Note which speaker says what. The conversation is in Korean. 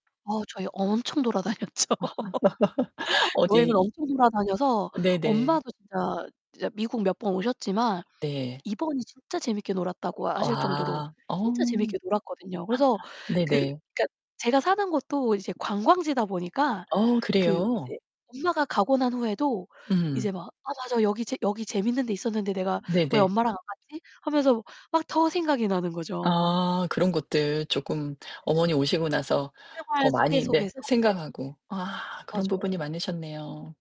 Speaker 1: 어, 저희 엄청 돌아다녔죠. 여행을
Speaker 2: 어디
Speaker 1: 엄청 돌아다녀서
Speaker 2: 네네.
Speaker 1: 엄마도 진짜 진짜 미국 몇 번 오셨지만
Speaker 2: 네.
Speaker 1: 이번이 진짜 재밌게 놀았다고 하실 정도로
Speaker 2: 아. 어.
Speaker 1: 진짜 재밌게 놀았거든요. 그래서 그
Speaker 2: 네네.
Speaker 1: 그러니까 제가 사는 곳도 이제 관광지다 보니까
Speaker 2: 어,
Speaker 1: 그
Speaker 2: 그래요?
Speaker 1: 이제 엄마가 가고 난 후에도
Speaker 2: 음.
Speaker 1: 이제 막 '아, 맞아, 여기 재 여기 재밌는 데 있었는데 내가 왜
Speaker 2: 네네.
Speaker 1: 엄마랑 안 갔지?' 하면서 막 더 생각이 나는 거죠.
Speaker 2: 아, 그런 것들 쪼끔 어머니 오시고 나서
Speaker 1: 생활
Speaker 2: 더
Speaker 1: 속에
Speaker 2: 많이 네
Speaker 1: 속에서. 네.
Speaker 2: 생각하고. 아 그런 부분이
Speaker 1: 맞아요.
Speaker 2: 많으셨네요.